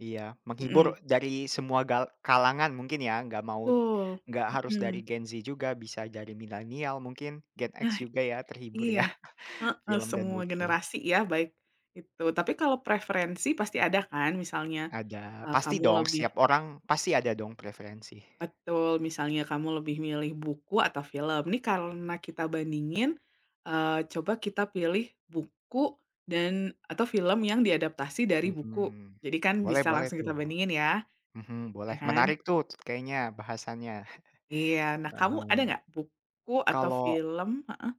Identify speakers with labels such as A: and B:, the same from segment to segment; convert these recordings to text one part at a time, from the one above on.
A: Iya
B: Mhm.
A: menghibur dari semua gal kalangan mungkin ya, enggak mau
B: Betul,
A: enggak harus dari
B: mhm.
A: Gen Z juga bisa dari millennial mungkin Gen X
B: Nah,
A: juga ya terhibur ya,
B: iya, heeh,
A: film dan
B: semua
A: buku.
B: generasi ya baik itu tapi kalau preferensi pasti ada kan misalnya,
A: Ada,
B: eee,
A: pasti
B: kamu
A: dong
B: lebih
A: setiap orang pasti ada dong preferensi.
B: Betul, misalnya kamu lebih milih buku atau film. Ini karena kita bandingin, eee, coba kita pilih buku dan atau film yang diadaptasi dari buku,
A: Mhm,
B: jadi kan
A: boleh
B: bisa
A: boleh
B: langsung kita
A: tuh.
B: bandingin ya?
A: Mhm,
B: Ya
A: boleh
B: kan?
A: menarik tuh kayaknya bahasannya,
B: Iya. Nah kamu
A: paham.
B: ada gak buku atau
A: Kalau
B: film heeh?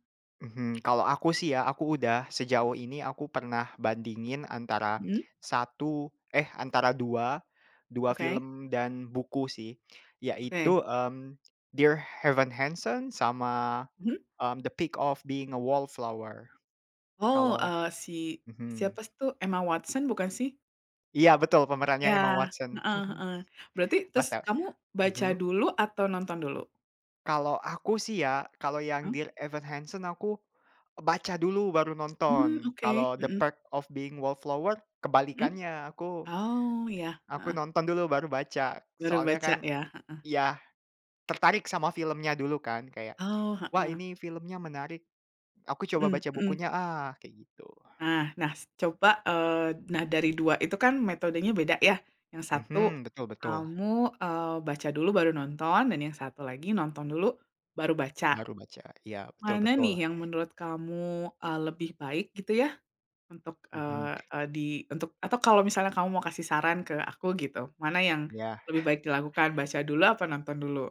A: Mhm, kalau aku sih ya aku udah sejauh ini aku pernah bandingin antara
B: Mhm?
A: satu eh antara dua, 2
B: Oke.
A: film dan buku sih yaitu,
B: Oke.
A: mmm, Dear Evan Hansen sama,
B: Mhm.
A: mmm, The Perks of Being a Wallflower,
B: Oh,
A: kalau
B: eee, si
A: mhm.
B: siapa sih tuh Emma Watson bukan sih?
A: Iya betul pemerannya
B: Ya,
A: Emma Watson,
B: heeh heeh, berarti terus
A: mantap,
B: kamu baca
A: mhm?
B: dulu atau nonton dulu?
A: Kalau aku sih ya, kalau yang
B: Mmm.
A: Dear Evan Hansen aku baca dulu baru
B: Hmm,
A: nonton.
B: oke,
A: Kalau The
B: mhm.
A: Perks of Being a Wallflower
B: Mhm?
A: kebalikannya, aku
B: Oh, iya,
A: aku
B: heeh.
A: nonton dulu baru baca.
B: Baru
A: Soalnya
B: baca
A: kan
B: ya, heeh.
A: iya, tertarik sama filmnya dulu kan kayak,
B: Oh,
A: "Wah
B: heeh.
A: ini filmnya menarik. Aku coba
B: Mhm
A: baca
B: mhm.
A: bukunya ah." Kayak gitu.
B: Nah nah s coba eee, nah dari 2 itu kan metodenya beda ya. Yang satu
A: Mhm, betul-betul.
B: kamu, eee, baca dulu baru nonton dan yang satu lagi nonton dulu baru baca.
A: Baru baca, iya, betul
B: Mana
A: betul.
B: nih yang menurut kamu, eee, lebih baik gitu ya untuk,
A: Mhm.
B: eee eee, di untuk atau kalau misalnya kamu mau kasih saran ke aku gitu, mana yang
A: Iya.
B: lebih baik dilakukan baca dulu apa nonton dulu?